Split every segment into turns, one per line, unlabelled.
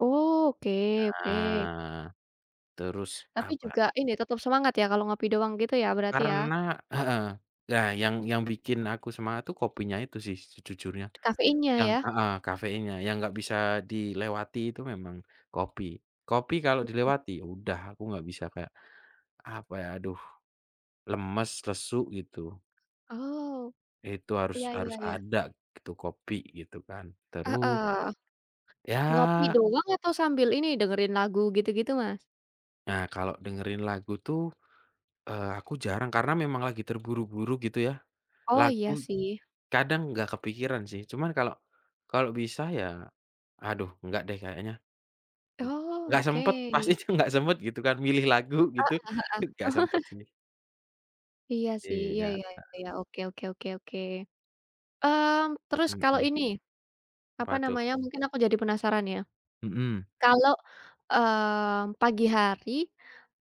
Oh, oke oke.
Nah, terus
Tapi
apa
juga ini, tetap semangat ya, kalau ngopi doang gitu ya, berarti
Karena
ya?
heeh, iya, yang yang bikin aku semangat tuh kopinya itu sih, sejujurnya.
Kafeinnya
Yang
ya?
heeh, kafeinnya yang enggak bisa dilewati itu memang kopi. Kopi kalau
Mhm.
dilewati, udah aku nggak bisa kayak, apa ya, aduh, lemas, lesu, gitu.
Oh,
Itu harus
iya iya
harus
iya.
ada itu kopi, gitu kan. Terus
Heeh. Ngopi
Ya
doang atau sambil ini, dengerin lagu, gitu-gitu, Mas?
Nah, kalau dengerin lagu tuh, eee, aku jarang karena memang lagi terburu-buru gitu ya.
Oh,
Lagu
iya sih.
kadang nggak kepikiran sih cuman kalau kalau bisa ya, aduh enggak deh kayaknya. Iy
Oh,
nggak sempat,
oke.
pasti itu nggak sempat gitu kan milih lagu gitu, ih nggak
Heeh heeh.
sempat sih.
Iya sih. Iya
Iya,
iya
Kak.
iya, oke oke oke oke. Mmm, terus kalau
Mhm.
ini, apa
Apa tuh?
namanya, mungkin aku jadi penasaran ya.
Mhm.
Kalau, mmm, pagi hari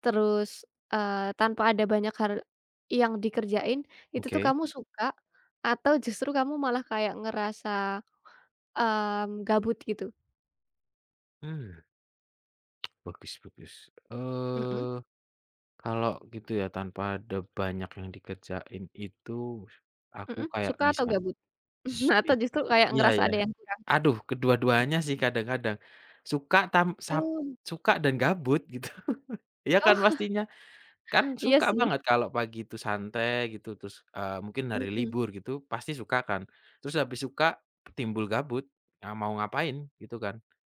terus, eee, tanpa ada banyak har yang dikerjain, itu tuh
Oke.
kamu suka, atau justru kamu malah kayak ngerasa, mmm, gabut, gitu?
Hmm. Bagus bagus,
Mhm.
eee, kalau gitu ya tanpa ada banyak yang dikerjain itu, aku
Mhm,
kayak
suka atau
bisa,
gabut?
s bi
Atau justru kayak
iya
ngerasa
iya,
ada yang kurang?
aduh kedua-duanya sih kadang-kadang. Suka tam sap
Betul.
suka dan gabut gitu, iya
Oh.
kan pastinya? Kan
Iya
suka
sih.
banget kalau pagi itu santai gitu terus, eee, mungkin hari
Mhm.
libur gitu, pasti suka kan? Terus habis suka, timbul gabut, ya mau ngapain? Gitu kan.